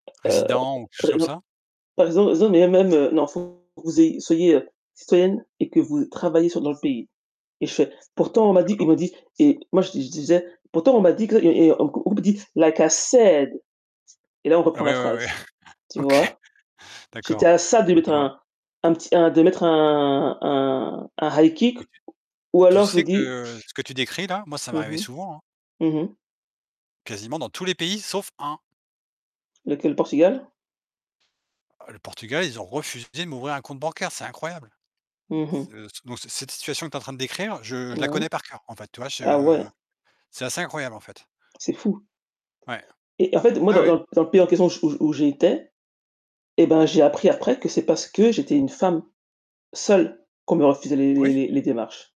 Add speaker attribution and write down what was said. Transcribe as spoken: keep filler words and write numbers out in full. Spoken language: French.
Speaker 1: Heu
Speaker 2: Résident ou quelque chose
Speaker 1: heu,
Speaker 2: comme
Speaker 1: non,
Speaker 2: ça?
Speaker 1: [unintelligible] non mais même heu non, faut que vous ayez soyez heu, citoyenne et que vous travaillez sur dans le pays. Et je fais: «Pourtant on m'a dit ils
Speaker 2: D'accord.
Speaker 1: m'ont dit» et moi, je di je disais: «Pourtant on m'a dit que» et et on on me dit: «Like I said» et là, on
Speaker 2: Ah
Speaker 1: reprend la
Speaker 2: ouais, ouais, ouais.
Speaker 1: phrase, tu
Speaker 2: OK,
Speaker 1: vois? J'était
Speaker 2: d'accord,
Speaker 1: à ça de
Speaker 2: je
Speaker 1: mettre
Speaker 2: vois.
Speaker 1: un un petit, un, de mettre un un un high kick,
Speaker 2: Et tu
Speaker 1: ou
Speaker 2: tu
Speaker 1: alors je vous
Speaker 2: sais
Speaker 1: dis
Speaker 2: que, ce que tu décris là, moi, ça
Speaker 1: Mmh
Speaker 2: m'arrivait
Speaker 1: mh.
Speaker 2: souvent, hein.
Speaker 1: Mmh mh.
Speaker 2: Quasiment dans tous les pays sauf un.
Speaker 1: Lequel? Portugal?
Speaker 2: Oh, le Portugal, ils ont refusé de m'ouvrir un compte bancaire, c'est incroyable.
Speaker 1: Mmh mh.
Speaker 2: Ce ce dans ce cette situation que tu en train de décrire, je je la
Speaker 1: Mmh mh.
Speaker 2: connais par coeur, en fait, tu vois?
Speaker 1: Ah ouais!
Speaker 2: Je c'est assez incroyable, en fait.
Speaker 1: C'est fou.
Speaker 2: Ouais.
Speaker 1: Et en fait, moi,
Speaker 2: Ouais,
Speaker 1: dans
Speaker 2: ouais.
Speaker 1: dans dans le pays en question où où où j'étais, et bah, j'ai appris après que c'est parce que j'étais une femme, seule, qu'on me refusait les les
Speaker 2: Oui.
Speaker 1: les les démarches.